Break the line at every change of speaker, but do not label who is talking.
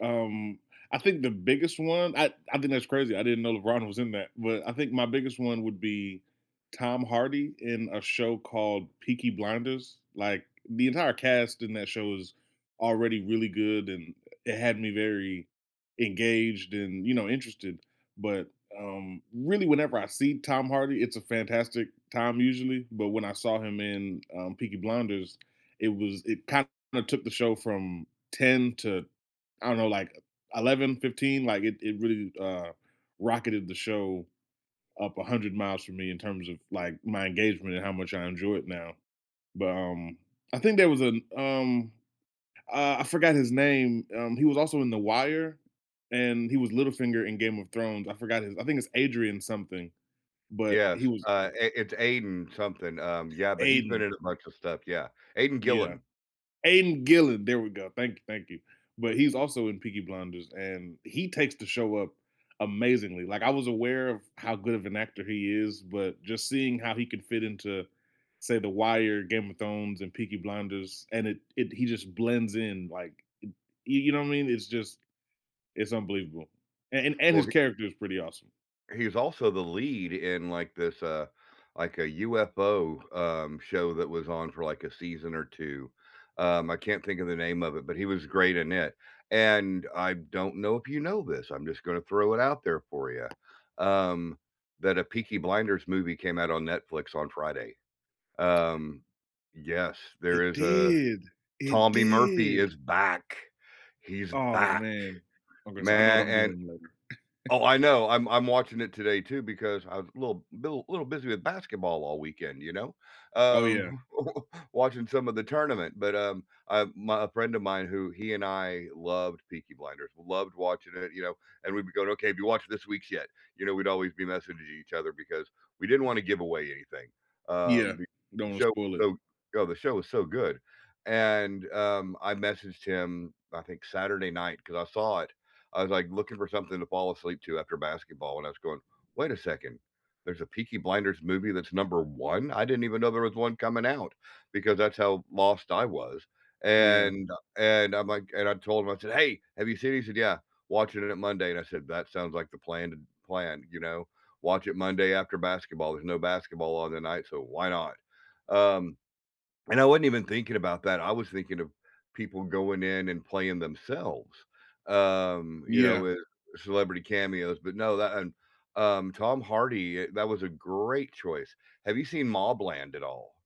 Um, I think the biggest one I I think that's crazy, I didn't know LeBron was in that, but I think my biggest one would be Tom Hardy in a show called Peaky Blinders, like, the entire cast in that show was already really good, and it had me very engaged and, you know, interested. But, um, really, whenever I see Tom Hardy, it's a fantastic time usually, but when I saw him in, um, Peaky Blinders, it was it kinda took the show from 10 to, I don't know, like, 11, 15, like, it it really, uh, rocketed the show up 100 miles for me in terms of, like, my engagement and how much I enjoy it now. But, um, I think there was an, um uh, I forgot his name. Um, he was also in The Wire, and he was Littlefinger in Game of Thrones, I forgot his I think it's Adrian-something, but he
Yes,
was
uh, i it's Aidan-something, um, yeah, but he's been
Aidan.
in a bunch of stuff, yeah. Aidan
Yeah.
Gillen.
Aiden Gillen, there we go. Thank you, thank you. But he's also in Peaky Blinders, and he takes the show up amazingly, like, I was aware of how good of an actor he is, but just seeing how he could fit into, say, The Wire, Game of Thrones, and Peaky Blinders, and it it he just blends in, like, m you you know what I mean? It's just it's unbelievable, a and and
Well,
his
he
character is pretty awesome.
he's also the lead in, like, this, uh, like, a UFO, um, show that was on for, like, a season or 2. Um, I can't think of the name of it, but he was great in it, and I don't know if you know this. I'm just gonna throw it out there for you, um, that a Peaky Blinders movie came out on Netflix on Friday. Um, yes, there
It
is a
did. It
Tommy Murphy
did.
is back. He's
Oh,
back,
man. Okay so, I know what
man
I'm
and
doing later.
oh, I know, I'm I'm watching it today too because I was a little b bul little busy with basketball all weekend, you know,
Oh yeah.
um, watching some of the tournament. But, um, I'm my friend of mine who he and I loved Peaky Blinders, we loved watching it, you know, and we'd be going, "Okay. Have you watched this week's yet?" You know, we'd always be messaging each other because we didn't wanna give away anything,
Yeah.
um, be
Don't wanna
show
spoil it.
[unintelligible] "Yo, the show was so good," and, um, I messaged him I think Saturday night 'cause I saw it. I was, like, looking for something to fall asleep to after basketball, and I was going, "Wait a second. There's a Peaky Blinders movie that's number 1? I didn't even know there was one coming out," because that's how lost I was,
Yeah.
and, uh, and I'm like and I told him, I said, "Hey. Have you seen it?" He said, "Yeah, watching it at Monday," and I said, "That sounds like the planned plan, you know? Watch it Monday after basketball. There's no basketball on the night, so why not?" Um, and I wasn't even thinking about that. I was thinking of people going in and playing themselves, um, you know,
Yeah.
with celebrity cameos, but no, that and um, Tom Hardy it that was a great choice. Have you seen MobLand at all?